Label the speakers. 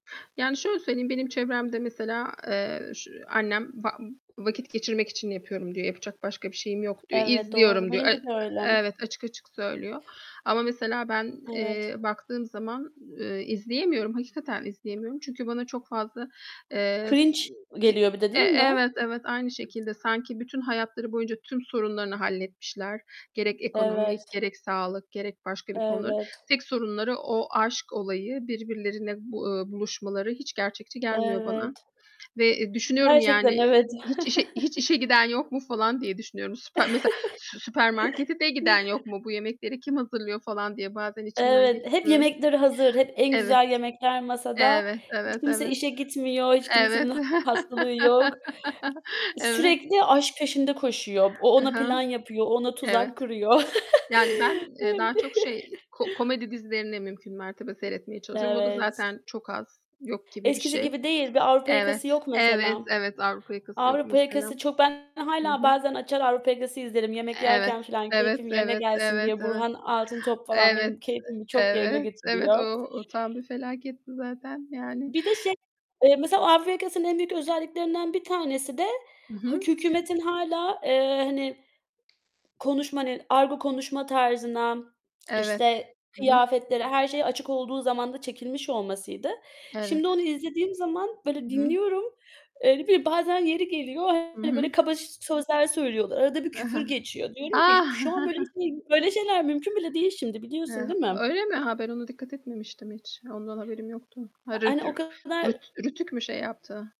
Speaker 1: Yani şöyle söyleyeyim, benim çevremde, mesela, eee, ş annem, "Va vakit geçirmek için yapıyorum." diyor, "Yapacak başka bir şeyim yok." diyor.
Speaker 2: Evet, doğru.
Speaker 1: "İzliyorum." diyor. E
Speaker 2: Benimki de öyle.
Speaker 1: evet, açık açık söylüyor. Ama mesela ben,
Speaker 2: Evet.
Speaker 1: eee, baktığım zaman, eee, izleyemiyorum, hakikaten izleyemiyorum. Çünkü bana çok fazla, eee, s
Speaker 2: Cringe
Speaker 1: k
Speaker 2: geliyor bir de
Speaker 1: e
Speaker 2: değil mi?
Speaker 1: evet, evet, aynı şekilde. Sanki bütün hayatları boyunca tüm sorunlarını halletmişler, gerek ekonomik,
Speaker 2: Evet.
Speaker 1: gerek sağlık, gerek başka bir konu.
Speaker 2: Evet.
Speaker 1: Tek sorunları o aşk olayı, birbirlerine bu eee, buluşmaları hiç gerçekçi gelmiyor
Speaker 2: Evet.
Speaker 1: bana. Ve, eee, düşünüyorum
Speaker 2: Gerçekten
Speaker 1: yani
Speaker 2: evet.
Speaker 1: hiç işe hiç işe giden yok mu, falan diye düşünüyorum. Süpe mesela, "Sü süpermarkete de giden yok mu, bu yemekleri kim hazırlıyor?" falan diye bazen içimden
Speaker 2: Evet, hep
Speaker 1: geçiriyorum.
Speaker 2: yemekleri hazır. Hep en
Speaker 1: Evet.
Speaker 2: güzel yemekler masada.
Speaker 1: Evet,
Speaker 2: Hiç
Speaker 1: evet,
Speaker 2: kimse
Speaker 1: evet.
Speaker 2: işe gitmiyor. Hiç
Speaker 1: Evet.
Speaker 2: kimsenin hastalığı yok. [unintelligible]
Speaker 1: Evet.
Speaker 2: Sürekli aşk peşinde koşuyor. O,
Speaker 1: I
Speaker 2: ona
Speaker 1: hı.
Speaker 2: plan yapıyor. O ona tuzak
Speaker 1: Evet.
Speaker 2: kuruyor.
Speaker 1: Yani ben, eee, daha çok şey ko komedi dizilerini mümkün mertebe seyretmeye çalışıyorum. O da
Speaker 2: Evet.
Speaker 1: zaten çok az, yok gibi bir
Speaker 2: Eskisi
Speaker 1: şey.
Speaker 2: gibi değil. Bir Avrupa yakası
Speaker 1: Evet,
Speaker 2: yok
Speaker 1: evet,
Speaker 2: mesela.
Speaker 1: evet, Avrupa yakası yok
Speaker 2: Avrupa
Speaker 1: mesela.
Speaker 2: yakası çok ben
Speaker 1: Hı
Speaker 2: hâlâ
Speaker 1: hı.
Speaker 2: bazen açar Avrupa yakası izlerim, yemek
Speaker 1: Evet.
Speaker 2: yerken falan
Speaker 1: Evet,
Speaker 2: keyfim yerine
Speaker 1: evet,
Speaker 2: gelsin
Speaker 1: evet,
Speaker 2: diye.
Speaker 1: evet.
Speaker 2: Burhan Altıntop falan
Speaker 1: Evet,
Speaker 2: benim keyfimi
Speaker 1: e
Speaker 2: çok yerine
Speaker 1: evet, evet. O
Speaker 2: getiriyor.
Speaker 1: o o tam bir felaketti zaten, yani.
Speaker 2: Bir de şey, eee, mesela Avrupa Yakası'nın en büyük özelliklerinden bir tanesi de
Speaker 1: I
Speaker 2: hak
Speaker 1: hı.
Speaker 2: hükümetin hâlâ, eee, hani, konuşma, hani, argo konuşma tarzına,
Speaker 1: Evet.
Speaker 2: işte,
Speaker 1: Hı hı.
Speaker 2: kıyafetlere, her şeye açık olduğu zamanda çekilmiş olmasıydı.
Speaker 1: Evet.
Speaker 2: Şimdi onu izlediğim zaman,
Speaker 1: I
Speaker 2: böyle,
Speaker 1: hı.
Speaker 2: dinliyorum. Öyle bir bazen yeri geliyor,
Speaker 1: Hı
Speaker 2: hani, böyle,
Speaker 1: hı.
Speaker 2: kaba sözler söylüyorlar. Arada bir küfür geçiyor. Diyorum
Speaker 1: A!
Speaker 2: ki "Şu an böyle bir şey, böyle şeyler mümkün bile değil şimdi, biliyorsun
Speaker 1: Ha,
Speaker 2: değil mi?"
Speaker 1: öyle mi? Ha, ben ona dikkat etmemiştim hiç. Ondan haberim yoktu.
Speaker 2: Hani,
Speaker 1: [unintelligible]
Speaker 2: o kadar.
Speaker 1: rüt RTÜK mü şey yaptı?